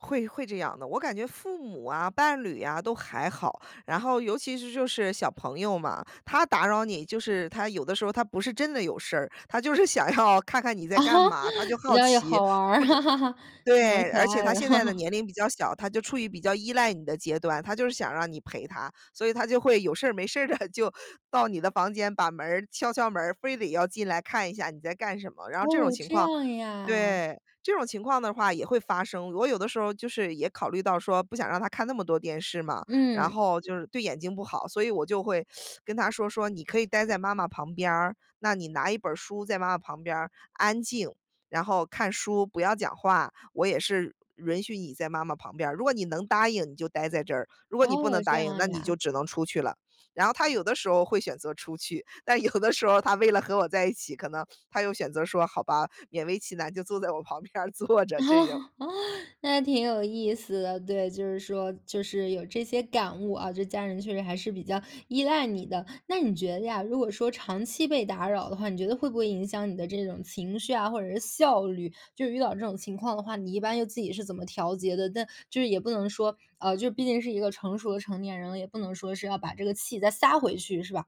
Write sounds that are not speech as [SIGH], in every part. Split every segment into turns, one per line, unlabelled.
会会这样的。我感觉父母啊、伴侣啊，都还好，然后尤其是就是小朋友嘛，他打扰你，就是他有的时候儿他不是真的有事儿，他就是想要看看你在干嘛，他就
[LAUGHS] 比
好
较有
奇。或者
好玩儿，[LAUGHS] 蛮
对，
可
而且
爱
他
的。
现在的
[LAUGHS]
年龄比较小，他就处于比较依赖你的阶段，他就是想让你陪他。所以他就会有事儿没事儿地就到你的房间，把门儿，敲敲门儿，非得要进来看一下你在干什么，然后这种
哦，
情
这
况
样呀。
对，这种情况的话也会发生。我有的时候儿就是也考虑到说不想让他看那么多电视嘛，然
嗯。
后就是对眼睛不好，所以我就会 [SUCKS TEETH] 跟他说，说说：“你可以呆在妈妈旁边儿，那你拿一本儿书在妈妈旁边儿，安静，然后看书，不要讲话，我也是允许你在妈妈旁边儿，如果你能答应，你就待在这儿，如果你不
哦，
能
这
答应，
样
那你就
呀。
只能出去了。”然后他有的时候会选择出去，但有的时候儿他为了和我在一起，可能他又选择说，好吧，勉为其难就坐在我旁边儿坐着这种。
[LAUGHS] 那挺有意思的，对，就是说就是有这些感悟啊，这家人确实还是比较依赖你的。那你觉得呀，如果说长期被打扰的话，你觉得会不会影响你的这种情绪啊，或者是效率？就是遇到这种情况的话，你一般又自己是怎么调节的？但就是也不能说，呃，就是毕竟是一个成熟的成年人了，也不能说是要把这个气再撒回去，是吧？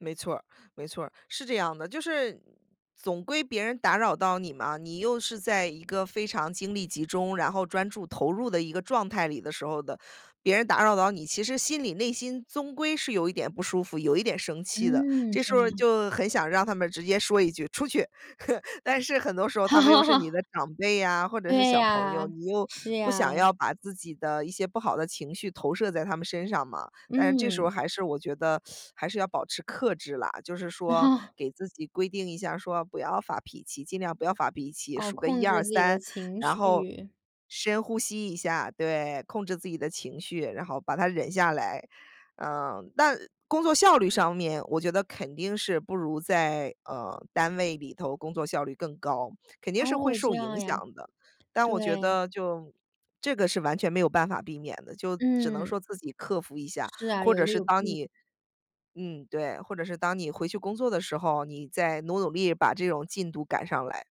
没错儿，没错儿，是这样的。就是总归别人打扰到你嘛，你又是在一个非常精力集中，然后专注投入的一个状态里的时候的，别人打扰到你，其实心里内心，总归是有一点不舒服，有一点生气的，
嗯，
这
这
时候
样
儿
啊。
就很想让他们直接说一句：“出去！” [LAUGHS] 但是很多时候他们又是你
[LAUGHS]
的长辈呀，或者是
对
小朋
呀，
友，你又
是
不
呀。
想要把自己的一些不好的情绪投射在他们身上嘛，但是这时候儿
嗯。
还是我觉得 [SUCKS TEETH] 还是要保持克制啦，就是说给自己规定一下儿说，不要发脾气，尽量不要发脾气，
哦，
数个
控
一
制
二
自己的
三，
情
然后
绪。
深呼吸一下，对，控制自己的情绪，然后把它忍下来。呃，但工作效率上面，我觉得肯定是不如在，呃，单位里头工作效率更高，肯定是会
哦，这
受
样
影
呀。
响的，但我觉
对。
得就这个是完全没有办法避免的，就只能
嗯。
说自己克服一下，
是啊，
或
有
者
利
是
有
当
弊。
你嗯，对，或者是当你回去工作的时候，你再努努力把这种进度赶上来。